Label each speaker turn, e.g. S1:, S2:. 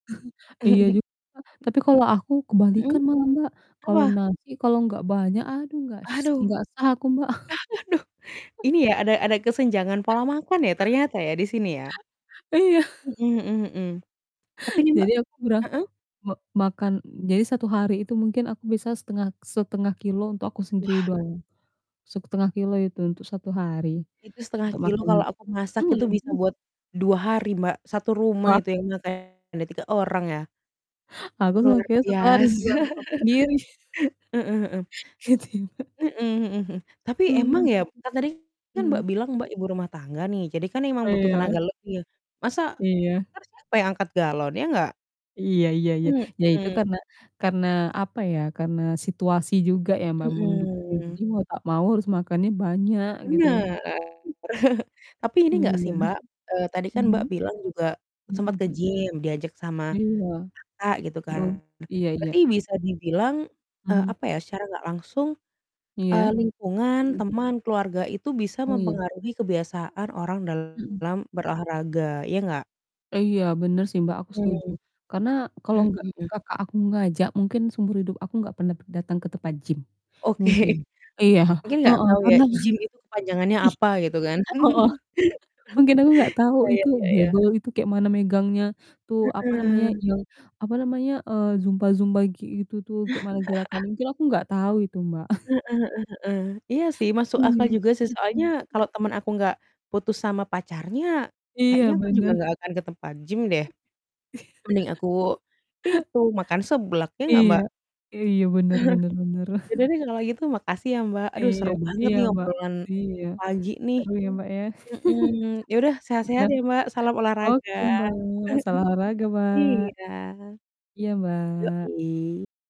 S1: Iya juga. Tapi kalau aku
S2: Hmm.
S1: kebalikan malah, Mbak. Kalau
S2: Apa?
S1: nasi kalau enggak banyak, aduh enggak s
S2: Aduh,
S1: enggak sah aku, Mbak.
S2: aduh. Ini ya, ada ada kesenjangan pola makan ya, ternyata ya, di sini ya?
S1: Iya.
S2: Mhm mhm mhm. Tapi ini, Mbak
S1: Jadi aku kurang
S2: heeh?
S1: me makan jadi 1 hari itu mungkin aku bisa setengah setengah kilo untuk aku sendiri
S2: Wah.
S1: doang, 0,5 kilogram itu untuk 1 hari
S2: Itu setengah
S1: untuk
S2: kilo
S1: makan
S2: kalau aku masak itu
S1: mmm,
S2: bisa buat,
S1: mhm.
S2: 2 hari, Mbak, satu rumah
S1: Wah.
S2: itu yang makan, ada 3 orang ya.
S1: Aku
S2: Luar
S1: [unintelligible] 1 hari
S2: biasa.
S1: buat stok sendiri.
S2: Heeh heeh.
S1: Gitu ya, Mbak.
S2: Mhm mhm mhm. Tapi emang
S1: Mmm.
S2: ya kan tadi kan Mbak,
S1: Mhm.
S2: bilang Mbak, ibu rumah tangga nih, jadi kan emang
S1: Oh
S2: butuh
S1: ya.
S2: tenaga lebih ya. Masa
S1: Iya.
S2: entar siapa yang angkat galon, ya nggak?
S1: Iya iya iya. Ya itu
S2: Mhm.
S1: karena karena apa ya, karena situasi juga ya, Mbak, mendukung,
S2: Mhm.
S1: jadi mau tak mau harus makannya banyak gitu ya,
S2: Bener.
S1: Mbak.
S2: Tapi ini nggak
S1: Iya.
S2: sih, Mbak, eee, tadi kan
S1: Mhm.
S2: Mbak, bilang juga sempat
S1: Mhm,
S2: ke
S1: hmm.
S2: gym, diajak sama
S1: Iya.
S2: kakak gitu
S1: Heeh,
S2: kan.
S1: iya iya.
S2: Berarti bisa dibilang, eee,
S1: Mhm.
S2: apa ya secara nggak langsung, eee,
S1: Iya.
S2: lingkungan,
S1: Hmm.
S2: teman, keluarga itu bisa
S1: Oh iya.
S2: mempengaruhi kebiasaan orang
S1: Hmm.
S2: dalam berolahraga, ya nggak?
S1: Iya bener sih, Mbak, aku setuju.
S2: Mmm.
S1: Karena kalau enggak
S2: Mmm.
S1: kakak aku ngajak mungkin seumur hidup aku enggak pernah p datang ke tempat gym,
S2: Oke.
S1: mungkin. Iya.
S2: Mungkin gak
S1: Heeh,
S2: tahu ya
S1: karena
S2: gym itu kepanjangannya apa gitu kan.
S1: i heeh. Mungkin aku enggak tahu itu
S2: Sayangnya ya.
S1: barbel itu kayak mana megangnya, tuh apa namanya
S2: Heeh.
S1: yang, apa namanya, eee, zumba-zumba kayak gitu tuh, kayak mana gerakannya, mungkin aku enggak tahu itu, Mbak.
S2: Heeh heeh heeh, iya sih masuk
S1: Iya,
S2: akal juga sih
S1: mmm.
S2: soalnya kalau temen aku gak putus sama pacarnya,
S1: Iya,
S2: kayaknya aku juga
S1: bener.
S2: gak akan ke tempat gym deh.
S1: Iya.
S2: Mending aku, itu, makan seblak ya gak,
S1: Iya,
S2: Mbak?
S1: iya bener bener bener.
S2: Ya udah deh kalau gitu, makasih ya Mbak. Aduh
S1: Iya
S2: seru banget
S1: iya,
S2: nih
S1: Mbak.
S2: obrolan
S1: Iya
S2: pagi nih,
S1: seru ya, Mbak, ya.
S2: mhm. Ya udah sehat-sehat
S1: Nah
S2: ya, Mbak. Salam olahraga.
S1: oke, Mbak. Salam olahraga, Mbak.
S2: Iya.
S1: Iya, Mbak.
S2: Yoi.